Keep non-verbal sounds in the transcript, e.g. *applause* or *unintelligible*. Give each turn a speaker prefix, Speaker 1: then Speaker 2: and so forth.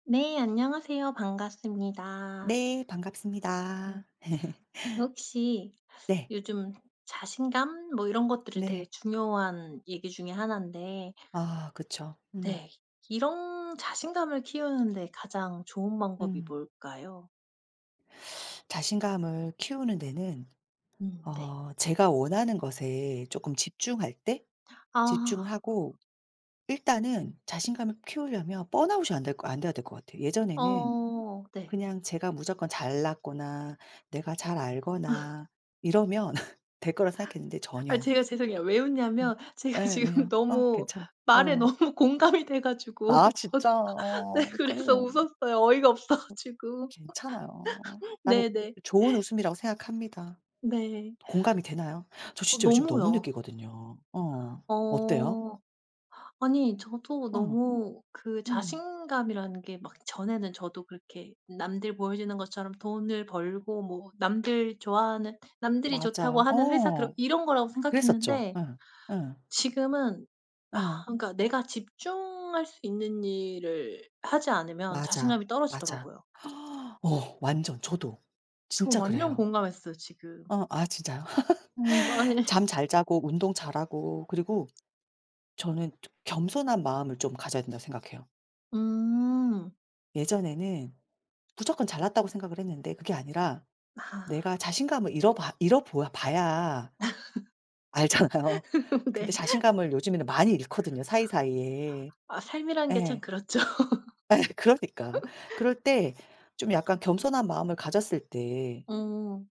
Speaker 1: 네 안녕하세요. 반갑습니다.
Speaker 2: 네 반갑습니다. *laughs*
Speaker 1: 혹시
Speaker 2: 네.
Speaker 1: 요즘 자신감 뭐 이런 것들이 되게
Speaker 2: 네.
Speaker 1: 중요한 얘기 중에 1 데
Speaker 2: 아 그쵸. 음.
Speaker 1: 네. 이런 자신감을 키우는 데 가장 좋은 방법이
Speaker 2: 음.
Speaker 1: 뭘까요?
Speaker 2: 자신감을 키우는 데는
Speaker 1: 음 네.
Speaker 2: 어 제가 원하는 것에 쪼끔 집중할 때
Speaker 1: 아.
Speaker 2: 집중을 하고 일단은 자신감을 키우려면 번아웃이 안 될 것 안 돼야 될 것 같아요. 예전에는
Speaker 1: 어 네.
Speaker 2: 그냥 제가 무조건 잘났거나 내가 잘
Speaker 1: *laughs*
Speaker 2: 알거나 이러면 *laughs* 될 거라고 생각했는데
Speaker 1: 아
Speaker 2: 전혀
Speaker 1: 제가 죄송해요. 왜 웃냐면 제가
Speaker 2: 예.
Speaker 1: 지금
Speaker 2: 왜요? 어
Speaker 1: 너무
Speaker 2: 괜찮아
Speaker 1: 말에
Speaker 2: 어.
Speaker 1: 너무 공감이 돼 가지고.
Speaker 2: 아
Speaker 1: 저도
Speaker 2: 진짜?
Speaker 1: 네
Speaker 2: 어
Speaker 1: 그래서
Speaker 2: 그러네.
Speaker 1: 웃었어요. 어이가 없어 가지고.
Speaker 2: 괜찮아요.
Speaker 1: *laughs*
Speaker 2: 나는
Speaker 1: 네네.
Speaker 2: 좋은 웃음이라고 생각합니다.
Speaker 1: 네.
Speaker 2: 공감이 되나요? 저
Speaker 1: 어
Speaker 2: 진짜 요즘 너무
Speaker 1: 너무요.
Speaker 2: 느끼거든요. 어. 어때요?
Speaker 1: 어. 아니 저도
Speaker 2: 어.
Speaker 1: 너무 그
Speaker 2: 음.
Speaker 1: 자신감이라는 게 막 전에는 저도 그렇게 남들 보여주는 것처럼 돈을 벌고 뭐 남들 좋아하는 남들이 좋다고
Speaker 2: 맞아.
Speaker 1: 하는 회사 들어
Speaker 2: 어.
Speaker 1: 이런 거라고
Speaker 2: 그랬었죠.
Speaker 1: 생각했는데
Speaker 2: 예 예.
Speaker 1: 지금은
Speaker 2: 예.
Speaker 1: 그니까 내가 집중할 수 있는 일을 하지 않으면
Speaker 2: 맞아.
Speaker 1: 자신감이
Speaker 2: 맞아.
Speaker 1: 떨어지더라고요.
Speaker 2: 어 완전 저도
Speaker 1: 저
Speaker 2: 진짜
Speaker 1: 완전
Speaker 2: 그래요.
Speaker 1: 공감했어요 지금.
Speaker 2: 어 아 진짜요?
Speaker 1: 음
Speaker 2: *laughs*
Speaker 1: *unintelligible*
Speaker 2: 잠 잘 자고 운동 잘하고 그리고 저는 좀 겸손한 마음을 좀 가져야 된다고 생각해요.
Speaker 1: 음.
Speaker 2: 예전에는 무조건 잘났다고 생각을 했는데 그게 아니라 내가
Speaker 1: 아.
Speaker 2: 자신감을 잃어 봐 잃어 보아 봐야 알잖아요.
Speaker 1: *laughs*
Speaker 2: 근데
Speaker 1: 네.
Speaker 2: 자신감을 요즘에는 많이 잃거든요, 사이사이에.
Speaker 1: 아 삶이란 게 참
Speaker 2: 예.
Speaker 1: 그렇죠.
Speaker 2: 예 그러니까.
Speaker 1: *laughs*
Speaker 2: 그럴 때 좀 약간 겸손한 마음을 가졌을 때
Speaker 1: 어.